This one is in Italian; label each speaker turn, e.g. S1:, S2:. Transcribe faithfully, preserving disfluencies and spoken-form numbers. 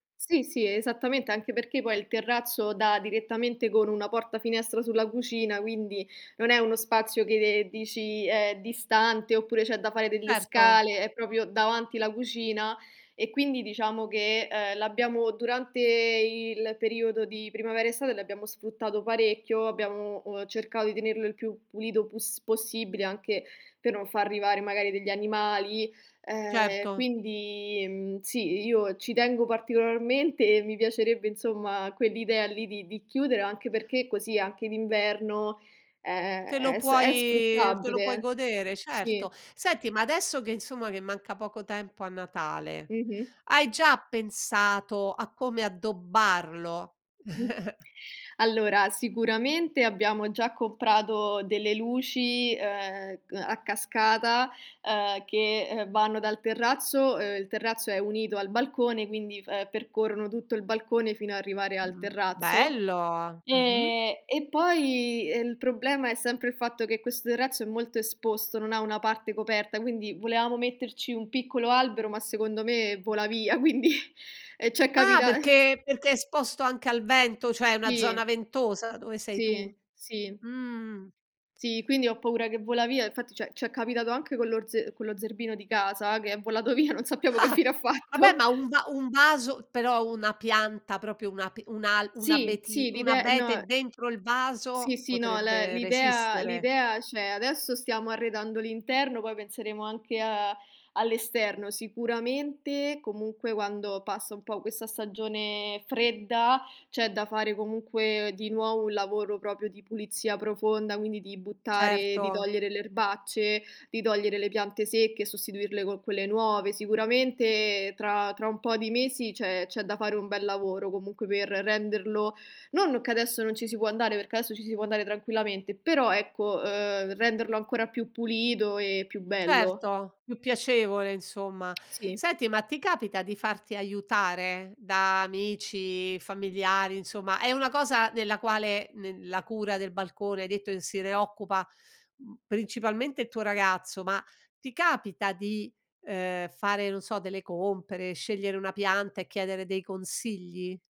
S1: Sì, sì, esattamente, anche perché poi il terrazzo dà direttamente con una porta finestra sulla cucina, quindi non è uno spazio che, ehm, dici è distante oppure c'è da fare delle
S2: Certo.
S1: scale. È propio davanti la cucina e quindi diciamo che, ehm, l'abbiamo durante il periodo di primavera estate l'abbiamo sfruttato parecchio, abbiamo, uhm, cercato di tenerlo il più pulito pus possibile anche per non far arrivare magari degli animali, ehm,
S2: Certo.
S1: quindi, mhmm, sì, i io ci tengo particolarmente e mi piacerebbe, insomma, quell'idea lì di di chiudere, anche perché così anche d'inverno è
S2: Te lo
S1: è s è
S2: puoi te lo puoi
S1: sfruttabile.
S2: godere,
S1: Sì.
S2: certo. Senti, ma adesso che insomma, che manca poco tempo a Natale
S1: Mh-mh.
S2: hai già pensato a come addobbarlo?
S1: Allora, sicuramente abbiamo già comprato delle luci, ehm, c a cascata, ehm, che, ehm, vanno dal terrazzo, ehm, il terrazzo è unito al balcone, quindi f ehm, percorrono tutto il balcone fino a arrivare al
S2: Mh,
S1: terrazzo.
S2: bello. Mh-mh.
S1: Ehm, e poi il problema è sempre il fatto che questo terrazzo è molto esposto, non ha una parte parte coperta, quindi volevamo metterci un piccolo albero, ma secondo me vola via, quindi e ci è
S2: Ah
S1: capita
S2: perché perché è esposto anche al vento, cioè è una
S1: Sì.
S2: zona ventosa dove sei
S1: Sì,
S2: tu?
S1: sì.
S2: Mh.
S1: Sì, quindi ho paura che vola via. Infatti, cioè c'è capitato anche con lor ze con lo zerbino di casa che è volato via, non sappiamo che fine ha
S2: Vabbè
S1: fatto.
S2: ma, un va un vaso però una pianta, propio un ape un al un
S1: Sì,
S2: abeti
S1: sì,
S2: un
S1: l'ide
S2: abete
S1: no.
S2: dentro il
S1: Sì,
S2: vaso
S1: sì, no, l
S2: potrebbe
S1: l'idea
S2: resistere.
S1: l'idea c'è. Adesso stiamo arredando l'interno, poi penseremo anche a all'esterno. Sicuramente comunque quando passa un po' questa stagione fredda c'è da fare comunque di nuovo un lavoro propio di pulizia profonda, quindi di buttare di
S2: Certo.
S1: togliere le erbacce, di togliere le piante secche, sostituirle co' quelle nuove. Sicuramente tra tra un po' di mesi c'è c'è da fare un bel lavoro comunque, per renderlo non che adesso non ci si può andare, perché adesso ci si può andare tranquillamente, però ecco, uhm, renderlo ancora più pulito e più bello.
S2: Certo, più piacevole insomma.
S1: Sì.
S2: Senti, ma ti capita di farti aiutare da amici, familiari, insomma è una cosa nella quale nel la cura del balcone hai detto che se ne occupa, mhmm, principalmente il tuo ragazzo, ma ti capita di, ehm, fare, non so, delle compere, scegliere una pianta e chiedere dei consigli?